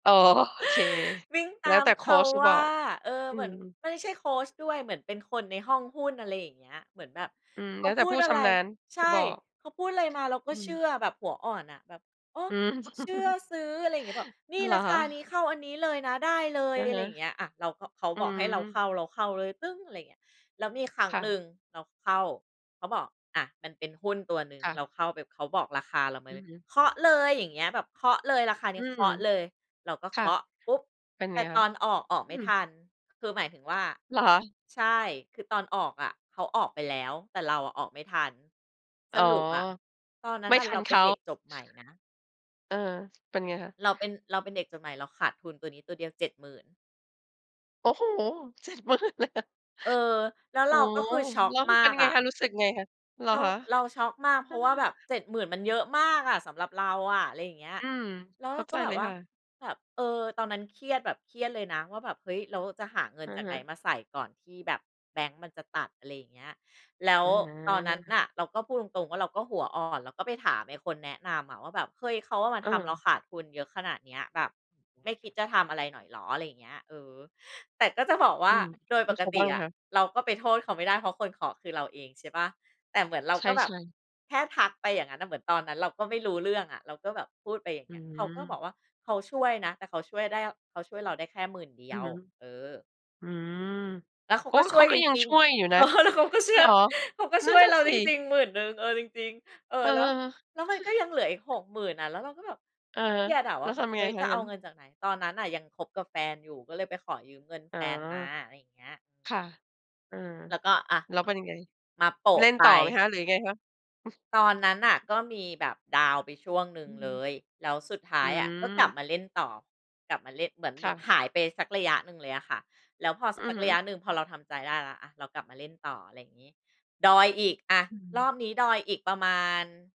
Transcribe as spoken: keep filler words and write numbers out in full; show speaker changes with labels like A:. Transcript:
A: โอเค
B: วิ่ง
A: แ
B: ต
A: ล้
B: า
A: ว
B: ม
A: แต่โค
B: เขา
A: ชจะ
B: ว
A: บ
B: ่
A: อ
B: า
A: ก
B: เออ
A: อื
B: เหมือน
A: ม
B: ไม่ใช่โคชด้วย เหมือนเป็นคนในห้องหุ้น อะไรอย่างเงี้ย เหมือนแบบ
A: อืม
B: เข
A: แล้
B: า
A: วแต
B: พ
A: ่
B: ู
A: ผู
B: ด
A: ้
B: อ
A: ช
B: ะไร
A: ำนาญ
B: ใช
A: จ
B: ่
A: ะบอก
B: เขาพูดอะไรมา เราก
A: อ
B: ็
A: ื
B: เ
A: ม
B: ชื่อแบบหัวอ่อนน่ะ แบบ โอ๊ะ
A: อืม
B: เชื่อ ซื้อ อะไรเงี้ย บอก "นี
A: อ
B: ่
A: า เหร
B: ร
A: อ
B: า
A: ค
B: คานี้
A: ะ?
B: เข้าอันนี้เลยนะ ได้เลย"
A: อะ
B: อะ
A: ฮ
B: ไร
A: ะ
B: อย่างเงี้ยอะ เราก็ เขา
A: อื
B: บอกให้เราเ
A: ม
B: ข้า เราเข้าเลย ตึ๊ง อะไรอย่างเงี้ย แล้วมีครั้
A: ค
B: ง
A: ่
B: หน
A: ะ
B: ึ่งเราเข้า เขาบอก อา มันเป็นหุ้นตัวหนึ่ง
A: ค่
B: เร
A: ะ
B: าเข้าแบบ เขาบอกราคาเราม
A: อ
B: า
A: ื
B: เล
A: อ
B: ย
A: ฮึ
B: "เคาะเลย อย่างเงี้ย แบบเคาะเลย ราคาเ
A: อ
B: น
A: ื
B: ี้ย เค
A: ม
B: าะเลย" เราก็
A: ค
B: เค
A: ่ะ
B: าะปุ๊บ
A: เป็น
B: แต
A: ไ
B: ่
A: งค
B: ต
A: ะ?
B: อนออก ออก
A: อ
B: ไ
A: ื
B: ม่ท
A: ม
B: ัน คือหมายถึงว่า
A: เหรอคะ?
B: ใช่ คือตอนออกอะเขาออกไปแล้ว แต่เราอะออกไม่ทัน
A: อ
B: ส
A: ๋อ
B: รุปอะ ตอนนั้
A: ไม
B: น
A: ่
B: น่ะ
A: ทั
B: เร
A: น
B: า
A: เข
B: เป็น
A: า
B: เด็กจบใหม่นะ
A: เออ เป็นไงคะ?
B: เราเป็น เราเป็นเด็กจบใหม่ เราขาดทุนตัวนี้ตัวเดียว เจ็ดหมื่น
A: โอ้โฮ! เจ็ดหมื่น เลยเหรอ?
B: เออ แล้วเ
A: โ
B: ร
A: อ้
B: าก็คือช็อก
A: แล้วม
B: ม
A: ั
B: า
A: นเป็น
B: ก
A: ยังไ
B: อ
A: ง
B: ะ
A: คะ รู้สึกยังไงคะ? เหร
B: เ
A: อ
B: รา
A: คะ
B: เราช็อกมาก เ
A: เ
B: พ
A: อ
B: ร
A: อ
B: าะว่าแบบ เจ็ดหมื่น มันเยอะมากอะสำหรับเราอะ อะไรอย่างเงี้ย
A: อืม
B: แล้ว
A: เ
B: เ
A: ข
B: ร
A: ้า
B: าก
A: ใ
B: ็
A: จ
B: แบ
A: เล
B: บ
A: ย
B: ว่า
A: ค่ะ
B: แบบ เออ ตอนนั้นเครียดแบบเครียดเลยนะว่าแบบ "เฮ้ย แล้วจะหาเงิ
A: อ
B: น
A: ะ
B: จาก
A: ฮ
B: ไหน
A: ะ
B: มาใส่ ก่อนที่แบบแบงก์มันจะตัด" อะไรอย่างเงี้ย แล้ว
A: อ
B: ตอนนั้น
A: า
B: น่ะ เราก็พูดตรง ๆ ว่าเราก็หัวอ่อน แล้วก็ไปถามไอ้คนแนะนำอะว่าแบบ "เฮ้ย เขาอะมาทำเรา
A: เออ
B: ขาดทุนเยอะขนาดเนี้ย แบบไม่คิดจะทำอะไรหน่อยเหรอ?" อะไรอย่างเงี้ย เออ แต่ก็จะบอกว่
A: อื
B: า
A: ม
B: โดย
A: แล
B: ป
A: ้ว
B: ก
A: เขา
B: ต
A: ว
B: ิ
A: ่าไง
B: อะ
A: คะ?
B: เราก็ไปโทษเขาไม่ได้ เพราะคนเคาะคือเราเองใช่เปล่า แต่เหมือนเรา
A: ใช
B: ก็แบบ
A: ่ ๆ
B: แค่ทักไปอย่างงั้นน่ะ เหมือนตอนนั้นเราก็ไม่รู้เรื่องอะ เราก็แบบพูดไปอย่าง
A: อื
B: เงี้ย เขาก็บอ
A: ม
B: กว่า "เขาช่วยนะ แต่เขาช่วยได้ อ เขาช่วยเราได้แค่หมื่นเดี
A: อ
B: ย
A: ือ
B: ว
A: ฮึ
B: เออ
A: อืม
B: แล้วเขา
A: โอ้
B: ก็ช
A: เข
B: ่ว
A: า
B: ย
A: ก
B: จ
A: ็ยัง
B: ริง
A: ช่วยอยู่
B: ๆ เ
A: น
B: อ
A: ะ
B: อ แล้วเขาก็เชื
A: เ
B: ่
A: หร
B: อ
A: อ?
B: เขาก็
A: น
B: ช
A: ั่
B: ่
A: น
B: วย
A: น่ะ
B: เรา
A: ส
B: จริ
A: ิ
B: ง ๆ หมื่นนึง เออ จริง ๆ เออ
A: เอ
B: แล้ว แล้วมัน
A: อ
B: ก็ยังเหลืออีก หกหมื่น น่ะ แล้วเราก็แบบ
A: อะฮ
B: เค
A: ะ
B: รียดอะ ว
A: แ
B: ่
A: ล้
B: า
A: ว
B: แบ
A: ท
B: บ
A: ำยั
B: "เ
A: ง
B: ฮ
A: ไง
B: ้ย
A: ค
B: จ
A: ะ?
B: ะ
A: อ
B: เ
A: ย
B: อ
A: ่างงั
B: า
A: ้
B: เง
A: น
B: ินจากไหน?" ตอนนั้นน่ะยังคบกับแฟนอยู่ ก็เลยไปขอยืมเงิน
A: อ๋
B: แฟ
A: อ
B: นมา อะไรอย่างเงี้ย
A: ค่ะ เออ
B: แล้วก็ อา
A: แล้วเป็นยังไง?
B: มาโป
A: เ
B: ะ
A: ล่น
B: ไป
A: ต่อไหมคะ หรือยังไงคะ?
B: ตอนนั้นน่ะก็มีแบบดาวน์ไปช่วงหนึ่
A: อ
B: ง
A: ือฮ
B: เล
A: ึ
B: ย แล้วสุดท้
A: อ
B: า
A: ื
B: ยอะ ก็กลับ
A: ม
B: มาเล่นต่อ กลับมาเล่ เหมือน
A: ค
B: แบ
A: ่
B: บ
A: ะ
B: หายไปสักระยะหนึ่งเลยอะค่ะ แล้วพอ ส
A: อือ
B: ัก
A: ฮึ
B: ระยะหนึ่ง พอเราทำใจได้แล้ว อา เรากลับมาเล่นต่อ อะไรอย่างงี้ ดอยอีก อา
A: อือฮ
B: ร
A: ึ
B: อบนี้ดอยอีกประมาณ